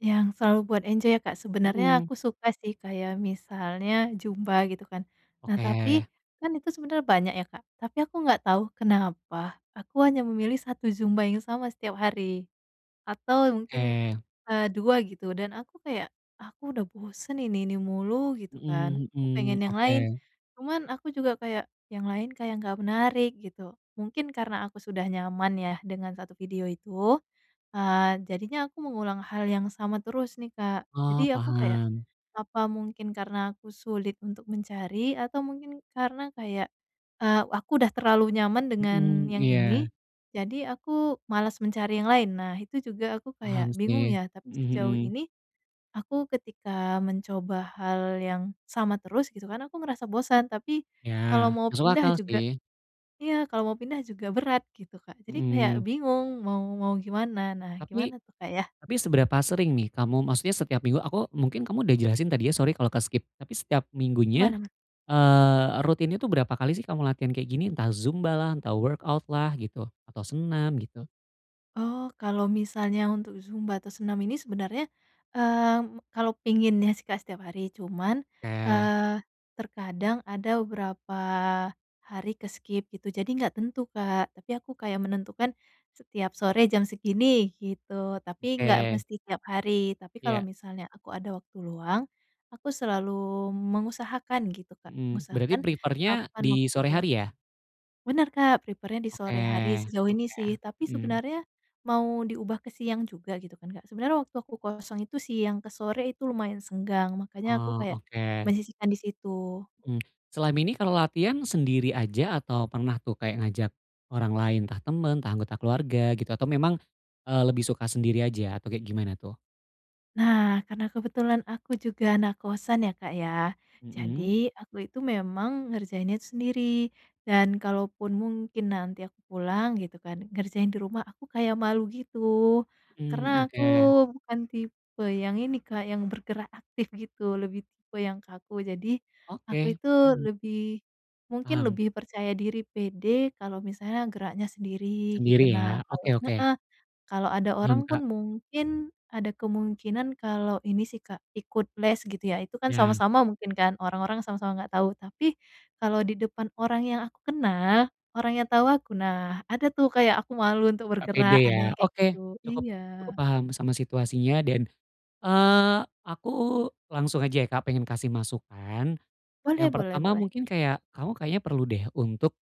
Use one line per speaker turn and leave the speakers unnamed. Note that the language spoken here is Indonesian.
Yang selalu buat enjoy ya, Kak? Sebenernya
Mmm.
aku suka sih kayak misalnya zumba gitu kan. Nah tapi,
Oke.
kan itu sebenernya banyak ya, Kak, tapi aku nggak tau kenapa aku hanya memilih 1 zumba yang sama setiap hari. Atau mungkin,
Oke.
eee, 2 gitu, dan aku kayak, "Aku udah bosen ini ini mulu," gitu kan,
Mmm,
aku
hmm,
pengen yang lain,
oke.
cuman aku juga kayak, "Yang lain kayak gak menarik," gitu. Mungkin karena aku sudah nyaman ya dengan satu video itu, eee, jadinya aku mengulang hal yang sama terus nih, Kak.
Oh,
Jadi aku kayak,
paham.
"Apa mungkin karena aku sulit untuk mencari atau mungkin karena kayak, eee, aku udah terlalu nyaman dengan
Mmm,
yang ini,
iya.
jadi aku malas mencari yang lain." Nah, itu juga aku
Paham
kayak bingung
sih.
ya, tapi
Mmm,
sejauh
hmm.
ini, aku ketika mencoba hal yang sama terus gitu kan aku merasa bosan, tapi
Iya,
kalau mau
masuk
pindah
akal
juga
sih.
iya kalau mau pindah juga berat gitu, Kak. Jadi kayak
Mmm.
bingung mau mau gimana, nah
Tapi
gimana tuh, Kak, yah?
tapi seberapa sering nih kamu maksudnya setiap minggu, aku mungkin kamu udah jelasin tadi ya, sorry kalo ke-skip, tapi setiap
Aman
minggunya,
aman.
eee, rutinnya tuh berapa kali sih kamu latihan kayak gini? Entah zumbalah, entah workout-lah gitu, atau senam gitu.
Oh, kalau misalnya untuk zumba atau senam ini sebenarnya, mmm, kalau pinginnya sih, Kak, setiap hari. Cuman,
Oke.
eee, terkadang ada berapa hari ke-skip gitu, jadi gak tentu, Kak. Tapi aku kayak menentukan, setiap sore jam segini, gitu, tapi nggak
Oke.
mesti tiap hari. Tapi kalau
Iya.
misalnya aku ada waktu luang, aku selalu mengusahakan gitu, Kak,
Mmm, berarti
ngusahakan
prefer-nya
kapan
di
waktu
sore
itu.
hari ya?
Bener, Kak, prepare-nya di
Oke
sore hari sejauh ini
oke,
sih. Tapi
mmm.
sebenernya mau diubah ke siang juga gitu kan, Kak, sebenernya waktu aku kosong itu siang ke sore itu lumayan senggang, makanya aku
Oh,
kayak
oke.
menyisihkan di situ.
Mmm, selain ini kalo latihan sendiri aja atau pernah tuh kayak ngajak orang lain, entah temen, entah anggota keluarga gitu, atau memang, eee, lebih suka sendiri aja atau kayak gimana tuh?
Nah, karena kebetulan aku juga anak kosan ya, Kak, ya.
Mmm.
Jadi aku itu memang ngerjainnya tuh sendiri dan kalaupun mungkin nanti aku pulang gitu kan, ngerjain di rumah aku kayak malu gitu. Karena
Mmm, m
aku
ke.
bukan tipe yang ini, Kak, yang bergerak aktif gitu lebih tipe yang kaku. Jadi aku
Oke,
itu
hmm.
lebih mungkin
Paham.
lebih percaya diri, pede kalau misalnya geraknya sendiri gitu,
Sendiri
nah
ya.
kalo
Oke oke
heeh. Kalo ada
Hmm,
orang
Kak.
pun mungkin ada kemungkinan kalau ini sih, Kak, ikut les gitu ya, itu kan
Ya.
sama-sama mungkin kan, orang-orang sama sama nggak tau. Tapi kalau di depan orang yang aku kenal, orangnya tau aku, nah ada tuh kayak aku malu untuk
Gak pede
bergerak, ada yang
ya.
kayak
Oke,
gitu,
cukup cukup
iya.
paham sama situasinya dan, eee, aku langsung aja ya, Kak, pengen kasih masukan.
Boleh
Yang
boleh
pertama
boleh.
mungkin kayak, kamu kayaknya perlu deh untuk